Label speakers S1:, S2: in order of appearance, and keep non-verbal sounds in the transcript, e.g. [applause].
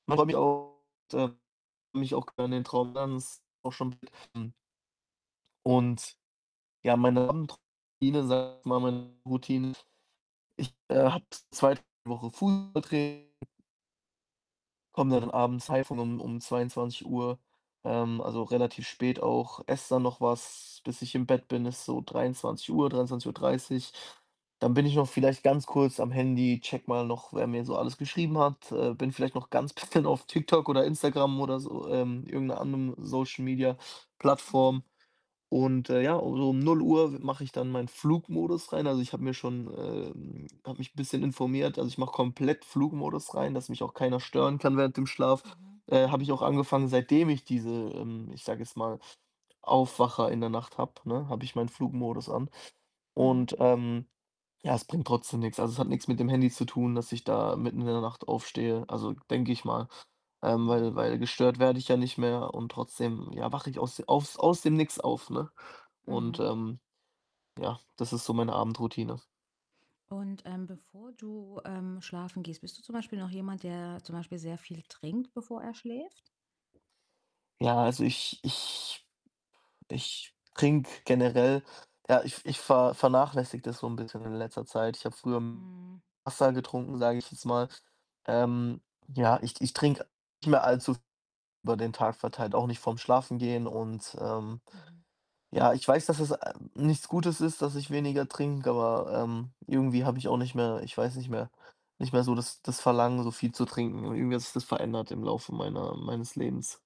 S1: Manchmal habe ich auch ähm, mich auch gerne den Traum [unintelligible] schon. [unintelligible] Und ja, meine Abendroutine, sage ich mal, meine Routine ist: Ich, äh, habe 2 Wochen Fußballtraining komme dann abends heim von um um 22:00, ähm, also, relativ spät auch, esse dann noch was, bis ich im Bett bin, ist so 23:00, 23:30. Dann bin ich noch vielleicht ganz kurz am Handy, checke mal noch, wer mir so alles geschrieben hat, äh, bin vielleicht noch ganz bisschen auf TikTok oder Instagram oder so, ähm, irgend 'ner anderen
S2: Mhm.
S1: Social-Media-Plattform und, äh, ja, so um 0:00 we mache ich dann meinen Flugmodus rein. Also, ich habe mir schon ähm, habe mich 'n bisschen informiert. Also, ich mache komplett Flugmodus rein, dass mich auch keiner stören kann während dem Schlaf.
S2: Mhm,
S1: Äh, habe ich
S2: mhm.
S1: auch angefangen, seitdem ich diese ähm, ich sage jetzt mal, Aufwacher in der Nacht habe, ne, habe ich meinen Flugmodus an
S2: Mhm.
S1: und, ähm ja, es bringt trotzdem nix. Also, es hat nix mit dem Handy zu tun, dass ich da mitten in der Nacht aufstehe. Also, denke ich mal, ähm, weil
S2: Mhm.
S1: weil gestört werde ich ja nicht mehr und trotzdem, ja, wache ich aus aus aus dem Nix auf, ne, und,
S2: Mhm.
S1: ähm, ja, das ist so meine Abendroutine.
S2: Und, ähm, bevor du, ähm, schlafen gehst, bist du zum Beispiel noch jemand, der zum Beispiel sehr viel trinkt, bevor er schläft?
S1: Ja, also, ich ich ich trinke generell ja, ich ich ver vernachlässige das so 'n bisschen in letzter Zeit. Ich habe früher [unintelligible]
S2: Mhm.
S1: Wasser getrunken, sage ich jetzt mal. Ähm, ja, ich ich trinke nicht mehr allzu [unintelligible] über den Tag verteilt, auch nicht vorm Schlafen gehen und, ähm,
S2: Mhm.
S1: ja, ich weiß, dass es, äh, nichts Gutes ist, dass ich weniger trinke, aber, ähm, irgendwie habe ich auch nicht mehr ich weiß nicht mehr nicht mehr so das das Verlangen, so viel zu trinken und irgendwie hat sich das verändert im Laufe meiner meines Lebens.